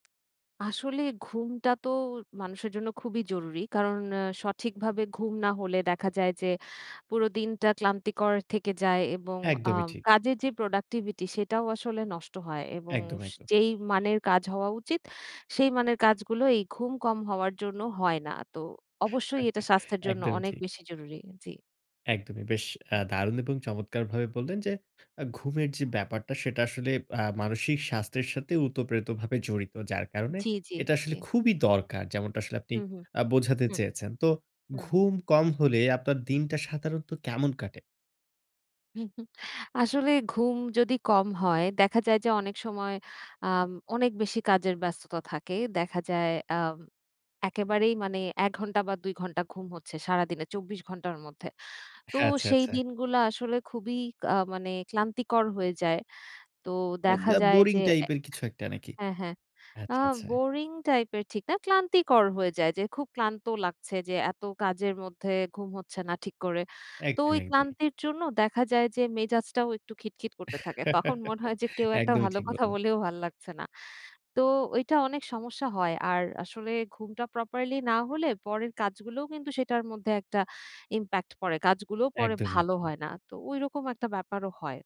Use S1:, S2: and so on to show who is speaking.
S1: আসলে, ঘুমটা তো মানুষের জন্য খুবই জরুরি। কারণ আ সঠিকভাবে ঘুম না হলে দেখা যায় যে, পুরো দিনটা ক্লান্তিকর থেকে যায় এবং আ
S2: একদমই ঠিক।
S1: কাজের যে, প্রোডাক্টিভিটি সেটাও আসলে নষ্ট হয় এবং
S2: একদম, একদম।
S1: যেই মানের কাজ হওয়া উচিত, সেই মানের কাজগুলো এই ঘুম কম হওয়ার জন্য, হয় না। তো অবশ্যই এটা স্বাস্থ্যের জন্য
S2: একদমই
S1: অনেক
S2: ঠিক।
S1: বেশি জরুরি। জি।
S2: একদমই! বেশ অ্যা
S1: হুম।
S2: দারুন এবং চমৎকার ভাবে বললেন, যে, অ্যা ঘুমের যে, ব্যাপারটা সেটা আসলে, আ মানসিক স্বাস্থ্যের সাথে উতপ্রেতভাবে জড়িত। যার কারণে
S1: জি, জি,
S2: এটা
S1: জি।
S2: আসলে খুবই দরকার যেমনটা আসলে আপনি
S1: হু, হু,
S2: আ বোঝাতে
S1: হু,
S2: চেয়েছেন। তো
S1: হুম।
S2: ঘুম কম হলে, আপনার দিনটা সাধারণত কেমন কাটে?
S1: আসলে ঘুম যদি কম হয়, দেখা যায় যে, অনেক সময় আম অনেক বেশি কাজের ব্যস্ততা থাকে। দেখা যায় আম একেবারেই মানে ১ ঘন্টা বা ২ ঘন্টা ঘুম হচ্ছে সারাদিনে, ২৪ ঘণ্টার মধ্যে। তো,
S2: হ্যাঁ, আচ্ছা,
S1: সেই
S2: আচ্ছা।
S1: দিনগুলা আসলে খুবই কা মানে ক্লান্তিকর হয়ে যায়। তো,
S2: আ
S1: দেখা
S2: ব্যা
S1: যায়
S2: বোরিং
S1: যে, অ্যা
S2: টাইপের কিছু একটা নাকি?
S1: হ্যাঁ, হ্যাঁ, আ
S2: আচ্ছা, আচ্ছা।
S1: বোরিং টাইপের ঠিক না। ক্লান্তিকর হয়ে যায়। যে, খুব ক্লান্ত লাগছে যে, এত কাজের মধ্যে ঘুম হচ্ছে না ঠিক করে। তো ওই
S2: একদমই, একদমই।
S1: ক্লান্তির জন্য দেখা যায় যে, মেজাজটাও একটু খিটখিট করতে থাকে। তখন মনে হয় যে, কেউ একটা
S2: একদমই
S1: ভালো
S2: ঠিক
S1: কথা
S2: বললেন।
S1: বললেও ভাল লাগছে না। তো, ওইটা অনেক সমস্যা হয়। আর আসলে ঘুমটা properly না হলে, পরের কাজগুলোও কিন্তু সেটার মধ্যে একটা impact পড়ে। কাজগুলোও পরে
S2: একদমই,
S1: ভালো
S2: একদমই।
S1: হয় না। তো, ঐরকম একটা ব্যাপারও হয়।